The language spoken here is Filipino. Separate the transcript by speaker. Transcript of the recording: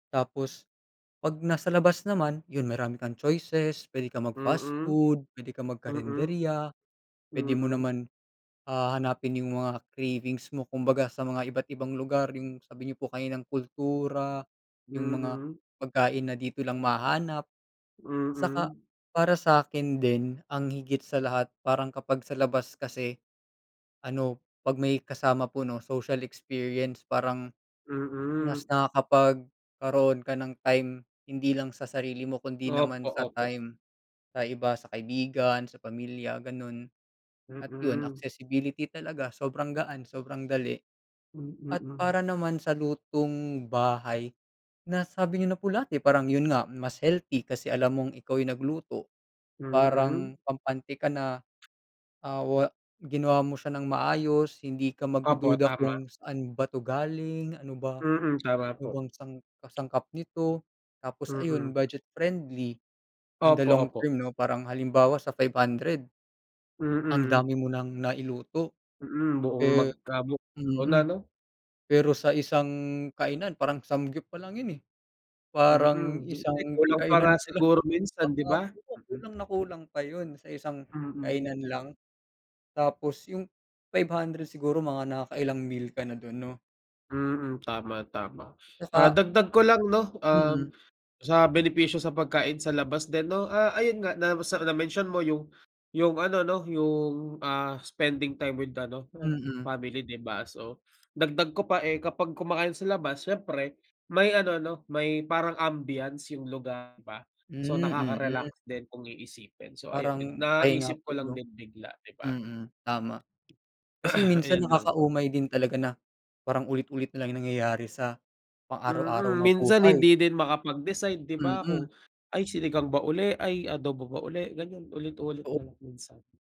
Speaker 1: Tapos, 'pag nasa labas naman, yun, marami kang choices. Pwede kang mag-fast
Speaker 2: Mm.
Speaker 1: food, pwede kang
Speaker 2: Mm.
Speaker 1: magkarenderya, pwede mo
Speaker 2: Mm.
Speaker 1: naman, ah, hanapin yung mga cravings mo kumbaga sa mga iba't ibang lugar, yung sabi niyo po kaninang kultura, yung mga
Speaker 2: Mm.
Speaker 1: pagkain na dito lang mahahanap. Saka,
Speaker 2: Mm.
Speaker 1: para sa'kin din, ang higit sa lahat parang kapag sa labas kasi, ano, 'pag may kasama po, 'no, social experience parang mas
Speaker 2: Mm.
Speaker 1: nakakapagkaroon ka ng time hindi lang sa sarili mo kundi naman
Speaker 2: Opo,
Speaker 1: sa
Speaker 2: opo.
Speaker 1: time sa iba, sa kaibigan, sa pamilya, ganun, at yun,
Speaker 2: Mm.
Speaker 1: accessibility talaga, sobrang gaan, sobrang dali.
Speaker 2: Hmm,
Speaker 1: At
Speaker 2: mm.
Speaker 1: para naman sa lutong bahay, nasabi niyo na po lahat eh, parang yun nga mas healthy kasi alam mong ikaw yung nagluto,
Speaker 2: Mm.
Speaker 1: parang kampante ka na, ah, wa ginawa mo siya nang maayos, hindi ka
Speaker 2: Opo,
Speaker 1: magdududa
Speaker 2: tama.
Speaker 1: kung saan ba 'to galing, ano ba
Speaker 2: Mm, tama
Speaker 1: ano
Speaker 2: po.
Speaker 1: bang sang kasangkap nito. Tapos,
Speaker 2: Mm.
Speaker 1: ayun, budget-friendly, in the
Speaker 2: Opo, opo.
Speaker 1: long-term, 'no? Parang halimbawa sa 500 ang
Speaker 2: Mm.
Speaker 1: dami mo nang nailuto,
Speaker 2: Mm, buong
Speaker 1: eh
Speaker 2: magkamok Ako na,
Speaker 1: mm.
Speaker 2: 'no?
Speaker 1: Pero sa isang kainan parang samgyup palang yun eh, parang
Speaker 2: Mm, hindi
Speaker 1: isang
Speaker 2: kulang pa nga
Speaker 1: kainan palang.
Speaker 2: siguro minsan, 'di ba?
Speaker 1: Oo,
Speaker 2: Mm.
Speaker 1: kulang na kulang pa yun sa isang
Speaker 2: Mm.
Speaker 1: kainan lang. Tapos yung 500 siguro mga nakakailang meal ka na dun, 'no?
Speaker 2: Mm, tama, tama. Ah,
Speaker 1: Tsaka
Speaker 2: dagdag ko lang, 'no, um,
Speaker 1: Mm.
Speaker 2: sa benepisyo sa pagkain sa labas din, 'no, ah, ayun nga, na sa na-mention mo yung yung ano, 'no, yung, ah, spending time with ano,
Speaker 1: Mm.
Speaker 2: family, 'di ba? So, dagdag ko pa eh, kapag kumakain sa labas siyempre, may ano, 'no, may parang ambiance yung lugar, di ba? So,
Speaker 1: Hmm, mm.
Speaker 2: nakaka-relax din kung iisipin. So, ayun, nag
Speaker 1: Parang pahinga
Speaker 2: naisip ko
Speaker 1: po,
Speaker 2: lang
Speaker 1: 'no?
Speaker 2: din bigla, 'di ba?
Speaker 1: Mm, tama. Kasi minsan
Speaker 2: Ayun lang po.
Speaker 1: nakakaumay din talaga na parang ulit-ulit nalang nangyayari sa pang araw-araw
Speaker 2: Mm,
Speaker 1: na
Speaker 2: minsan
Speaker 1: buhay.
Speaker 2: hindi din makapag-decide, di ba, kung,
Speaker 1: Mm.
Speaker 2: "Ay, sinigang ba uli. Ay, adobo ba uli," ganiyan, ulit-ulit
Speaker 1: Totoo.
Speaker 2: nalang minsan.